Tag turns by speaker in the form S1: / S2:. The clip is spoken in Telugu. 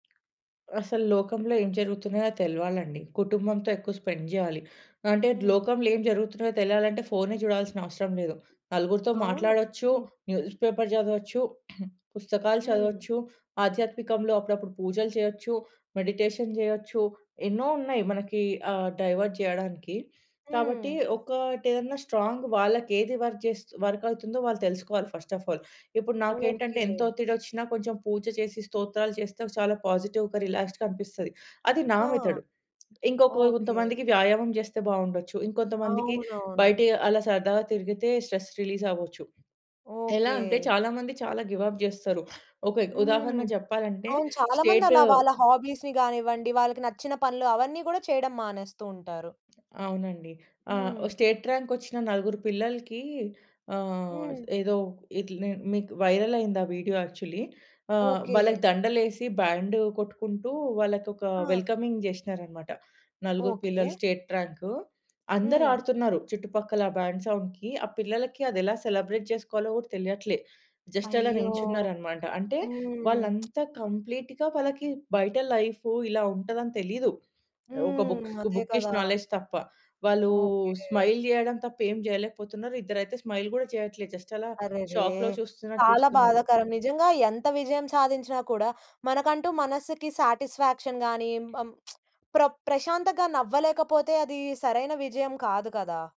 S1: అసలు లోకంలో ఏం జరుగుతున్నాయో తెలవాలండి. కుటుంబంతో ఎక్కువ స్పెండ్ జేయాలి. అంటే
S2: హ్మ్.
S1: లోకంలో ఏం జరుగుతున్నాయో తెలియాలంటే ఫోనే చూడాల్సిన అవసరం లేదు. నలుగురితో
S2: అవును.
S1: మాట్లాడొచ్చు. న్యూస్ పేపర్ జదవచ్చు. పుస్తకాలు
S2: హ్మ్.
S1: చదవచ్చు. ఆధ్యాత్మికంలో అప్పుడప్పుడు పూజలు చేయొచ్చు, మెడిటేషన్ జేయొచ్చు ఎన్నో ఉన్నాయి మనకి ఆహ్, డైవర్ట్ జేయడానికి. కాబట్టి
S2: హ్మ్.
S1: ఒకటేదన్నా స్ట్రాంగ్ వాళ్ళకేది వర్క్ జేస్తు వర్క్ అవుతుందో వాళ్ళు తెలుసుకోవాలి ఫస్ట్ ఆఫ్ ఆల్. ఇప్పుడు నాకేంటంటే ఎంత
S2: ఓకే.
S1: ఒత్తిడొచ్చినా కొంచెం పూజ చేసి, స్తోత్రాలు చేస్తే చాలా పాజిటివ్‌గా రిలాక్స్డ్‌గా అనిపిస్తది. అది నా
S2: ఆ!
S1: మెథడు. ఇంకొక
S2: ఓకే.
S1: కొంతమందికి వ్యాయామం జేస్తే బావుండొచ్చు. ఇంకొంతమందికి
S2: అవునవును.
S1: బయట అలా సరదాగా తిరిగితే స్ట్రెస్ రిలీజ్ అవ్వొచ్చు. ఎలా అంటే
S2: ఓకే.
S1: చాలా మంది చాలా గివ్ అప్ జేస్తరు. ఒక ఎ ఉదాహరణ
S2: హ్మ్.
S1: చెప్పాలంటే
S2: అవును. చాలా
S1: స్టేటు
S2: మందలా వాళ్ళ హాబీస్‌ని గానివ్వండి, వాళ్ళకి నచ్చిన పనులు అవన్నీ గూడా చేయడం మానేస్తు ఉంటారు.
S1: అవునండి. ఆ! వ
S2: హ్మ్.
S1: స్టేట్ ర్యాంక్ ఒచ్చిన నలుగురు పిల్లలకి ఆహ్,
S2: హ్మ్.
S1: ఏదో ఇట్లా నే మీకు వైరల్ అయింది ఆ వీడియో యాక్చువల్లీ. ఆహ్,
S2: ఓకే.
S1: వాళ్ళకి దండలేసి బ్యాండ్ కొట్టుకుంటూ వాళ్ళకొక
S2: ఆ!
S1: వెల్కమింగ్ జేషీనరన్నమాట. నలుగురు
S2: ఓకే.
S1: పిల్లలు స్టేట్ ర్యాంకు. అందరూ
S2: హ్మ్.
S1: ఆడుతున్నారు చుట్టుపక్కల. ఆ బ్యాండ్ సౌండ్‌కి ఆ పిల్లలకి అదెలా సెలబ్రేట్ చేసుకోవాలో కూడా తెలియట్లే. జస్ట్ అలా
S2: అయ్యో!
S1: నిల్చున్నారన్నమాట. అంటే వాళ్ళు
S2: హ్మ్.
S1: అంతా కంప్లీట్‌గా వాళ్ళకి బయట లైఫ్ ఇలా ఉంటదని తెలీదు. ఒక
S2: హ్మ్.
S1: బుక్స్,
S2: అదే
S1: బుకిష్
S2: కదా!
S1: నాలెడ్జ్ తప్ప. వాళ్ళు
S2: ఓకే.
S1: స్మైల్ జేయడం తప్ప ఏం జేయలేకపోతున్నారు. ఇద్దరైతే స్మైల్ గూడా చేయట్లే జస్ట్ అలా
S2: అరెరే!
S1: షాక్‌లో చూస్తున్నట్టు
S2: చాలా
S1: చూస్తున్నారు.
S2: బాధాకరం. నిజంగా ఎంత విజయం సాధించినా కూడా మనకంటూ మనస్సుకి శాటిస్‌ఫాక్షన్ గాని, మ ప్ర ప్రశాంతంగా నవ్వలేకపోతే అది సరైన విజయం కాదు కదా!